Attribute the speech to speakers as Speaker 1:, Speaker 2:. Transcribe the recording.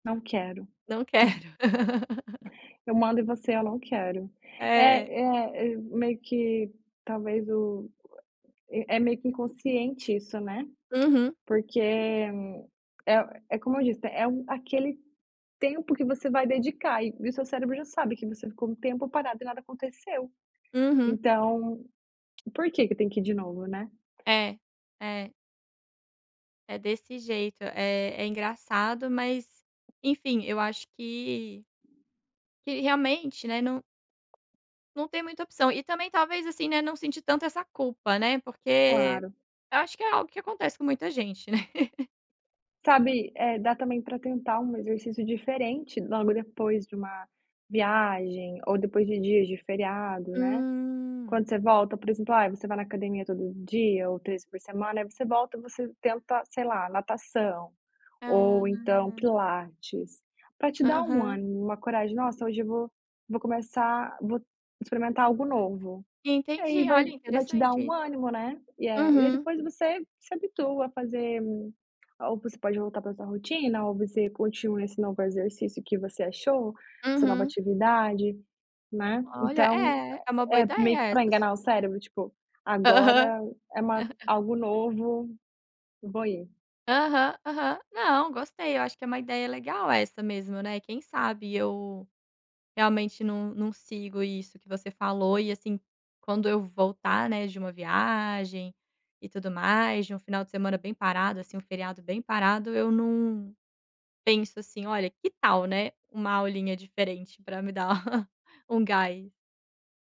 Speaker 1: Não quero.
Speaker 2: Não quero.
Speaker 1: Eu mando em você, eu não quero. É,
Speaker 2: É.
Speaker 1: é, e meio que talvez o é é meio que inconsciente isso, né.
Speaker 2: Uhum.
Speaker 1: Porque é é como eu disse, é um aquele tempo que você vai dedicar e e o seu cérebro já sabe que você ficou um tempo parado e nada aconteceu.
Speaker 2: Uhum.
Speaker 1: Então, por quê que tem que ir de novo, né.
Speaker 2: É, é. É desse jeito, eh, é engraçado, mas enfim, eu acho que que realmente, né, não não tem muita opção e também, talvez, assim, né, não sentir tanto essa culpa, né, porque
Speaker 1: Claro.
Speaker 2: eu acho que é algo que acontece com muita gente, né.
Speaker 1: Sabe, eh, dá também para tentar um exercício diferente logo depois de uma viagem ou depois de dias de feriado, né. Quando
Speaker 2: Hum.
Speaker 1: você volta, por exemplo, ai você vai na academia todo dia ou 3 vezes por semana aí você volta, você tenta, sei lá, natação,
Speaker 2: Ah.
Speaker 1: ou então pilates, para te dar um
Speaker 2: Aham.
Speaker 1: ânimo, uma coragem, "nossa hoje eu vou vou começar vou experimentar algo novo", e aí
Speaker 2: Entendi.
Speaker 1: vai
Speaker 2: Olha,
Speaker 1: vai te dar
Speaker 2: interessante
Speaker 1: um
Speaker 2: isso.
Speaker 1: ânimo, né. E a e aí
Speaker 2: Uhum.
Speaker 1: depois você se habitua a fazer ou você pode voltar para sua rotina, ou você continua esse novo exercício que você achou, essa nova
Speaker 2: Uhum.
Speaker 1: atividade, né.
Speaker 2: Olha.
Speaker 1: Então
Speaker 2: É, é uma boa
Speaker 1: é é
Speaker 2: ideia
Speaker 1: meio que para
Speaker 2: essa
Speaker 1: enganar o
Speaker 2: sua.
Speaker 1: cérebro, tipo:
Speaker 2: Aham.
Speaker 1: "Agora é uma algo novo, vou ir".
Speaker 2: Aham, aham. Não, gostei, eu acho que é uma ideia legal essa mesmo, né, quem sabe eu realmente não não sigo isso que você falou e assim, quando eu voltar, né, de uma viagem e tudo mais, de um final de semana bem parado, assim, um feriado bem parado eu não penso, assim: "Olha, que tal, né, uma aulinha diferente para me dar um gás".